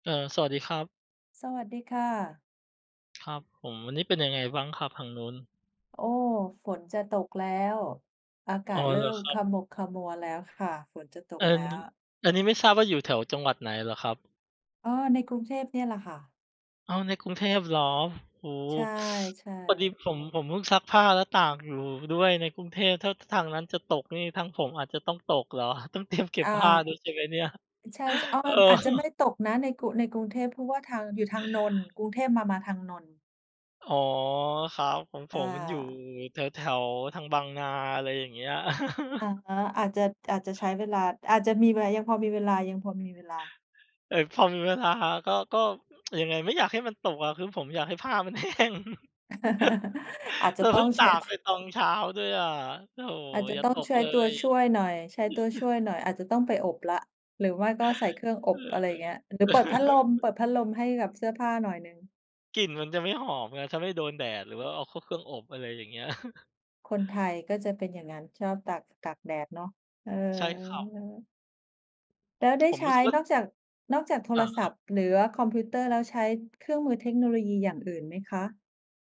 เออ สวัสดีครับ สวัสดีค่ะ ครับผม วันนี้เป็นยังไงบ้างครับทางนู้น? โอ้! ฝนจะตกแล้ว อากอา๋อ ศเริเ่หรอมครัขบ? มุกขมัวแล้วค่ะ ฝนจะตกอัแนล้นี้ ว อันนี้ไม่ทราบว่าอยู่แถวจังหวัดไหนเหรอครับ? อ๋อ ในกรุงเทพนี่แหละค่ะ อ้าว ในกรุงเทพเหรอ โอ้! ใช่ พอดีๆ ผม ผมเพิ่งซักผ้าแล้วตากอยู่ด้วยในกรุงเทพ ถ้า ท ทางนั้นจะตกนี่ ทางผมอาจจะต้องตกเหรอ? ต้องเตรียมเก็บอา อ ผ้าด้วยใช่ไหมเนี่ย? ใช่ อ๋อ เออ อาจจะไม่ตกนะในกรุ ในกรุงเทพ เพราะว่าทาง อยู่ทางนนท์ กรุงเทพมา มาทางนนท์ อ๋อ ครับ ของผอมอยู่า แถว ๆ ทางบางนา อะไรอย่างเงี้ย อ๋อ อาจจะ อาจจะใช้เวลา อาจจะมี เว ยังพอมีเวลา ยังพอมีเวลา เอ่อ พอมีเวลาก็ ก็ อ ยังไง ไม่อยากให้มันตกอะ คือผมอยากให้ผ้ามัน แห้ง อาจจแะล้ว ตเ้พอิ่ง งตช ากช ไปตอง เช้าด้วยอะ โธ่ อาจจะอย่าต้อตงกใช้เลตัวย ช่วยหน่อย ใช้ตัวช่วยหน่อย อาจจะต้องไปอบแล้ว หรือไม่ก็ใส่เครื่องอเอบ อะไรอย่างเงี้ย หรือ อเปิดพัดลม เปิดพัดลมให้กับเสื้อผ้าหน่อยหนึ่ง กลิ่นมันจะไม่หอมไง ถ้าไม่โดนแดด หรือว่าเอาเข้าเครื่องอบ อะไรอย่างเงี้ย คนไทยก็จะเป็นอย่างนั้น ชอบตาก ตากแดดเนาะ เออ ใช่ครับ แล้วได้ผมใชรู้้สึกว่า นอกจาก นอกจากโทอรา ศคัรัพบ ท์ หรือว่าคอมพิวเตอร์แล้ว ใช้เครื่องมือเทคโนโลยีอย่างอื่นไหมคะ?